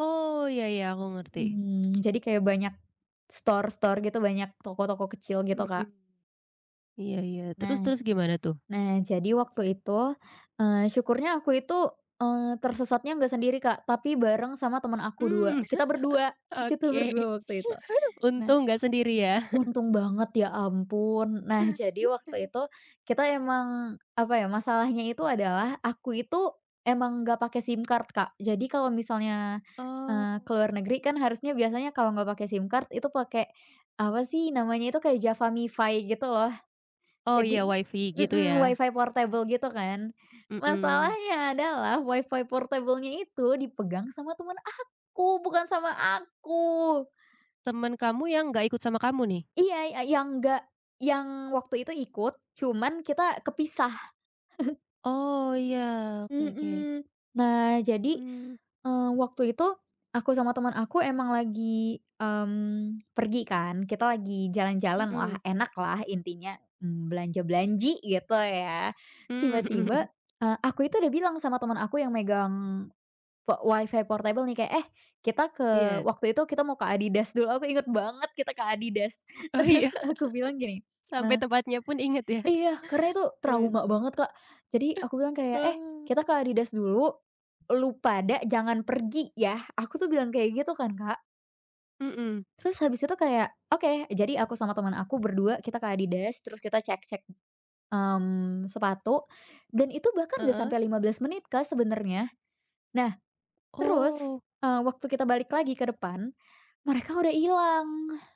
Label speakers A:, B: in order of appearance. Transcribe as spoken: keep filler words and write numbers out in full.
A: Oh ya ya, aku ngerti.
B: Mhm, jadi kayak banyak store-store gitu, banyak toko-toko kecil gitu,
A: Hmm.
B: Kak.
A: Iya iya terus,
B: Nah,
A: terus gimana tuh?
B: nah, jadi waktu itu, eee, syukurnya aku itu, eee, tersesatnya enggak sendiri, Kak, tapi bareng sama teman aku, dua.
A: Mmm.
B: Kita berdua kita
A: Oke.
B: berdua waktu itu. Nah,
A: Untung enggak sendiri ya?
B: untung banget, ya ampun. Nah, jadi waktu itu kita memang apa ya, masalahnya itu adalah aku itu memang enggak pakai SIM card, Kak. Jadi kalau misalnya, eee,
A: Oh.
B: ke luar negeri kan harusnya biasanya kalau enggak pakai SIM card itu pakai apa sih, namanya itu kayak JavaMifi gitu loh.
A: 0h ya,
B: Jadi
A: Wi-Fi gitu
B: mhm,
A: ya?
B: Wi-Fi portable gitu kan?
A: Mhm.
B: Masalahnya adalah Wi-Fi portable-nya itu dipegang sama teman aku, bukan sama aku.
A: Temen kamu yang enggak ikut sama kamu nih?
B: Iya, y yang enggak, yang waktu itu ikut, cuman kita kepisah.
A: Oh, ya. Oke oke.
B: Mhm. Nah, jadi,
A: Mmm.
B: eee, waktu itu aku sama teman aku memang lagi, mmm, pergi kan. Kita lagi jalan-jalan, wah
A: Mhm.
B: enak lah intinya. Belanja belanji gitu ya,
A: Mmm, hmm hmm.
B: tiba-tiba, eee, aku itu sudah bilang sama teman aku yang megang po Wi-Fi portable nih, kayak, "Eh, kita ke"
A: Iya.
B: waktu itu kita mau ke Adidas dulu. Aku ingat banget kita ke Adidas.
A: Oh iya?
B: Terus aku bilang gini,
A: Sampe
B: eee
A: tempatnya pun inget ya?
B: Iya, karena itu
A: Gimana?
B: trauma banget, Kak. Jadi aku bilang kayak, "Eh
A: Oh.
B: kita ke Adidas dulu, lu pada jangan pergi ya." Aku tuh bilang kayak gitu kan, Kak.
A: Mhm.
B: Terus habis itu kayak, "Oke." Jadi aku sama temen aku berdua kita ke Adidas, terus kita cek-cek, mmm sepatu dan itu bahkan enggak
A: Heeh.
B: sampai lima belas menit, Kak, ke sebenernya. Nah,
A: Oh.
B: terus, eee, waktu kita balik lagi ke depan, mereka udah ilang.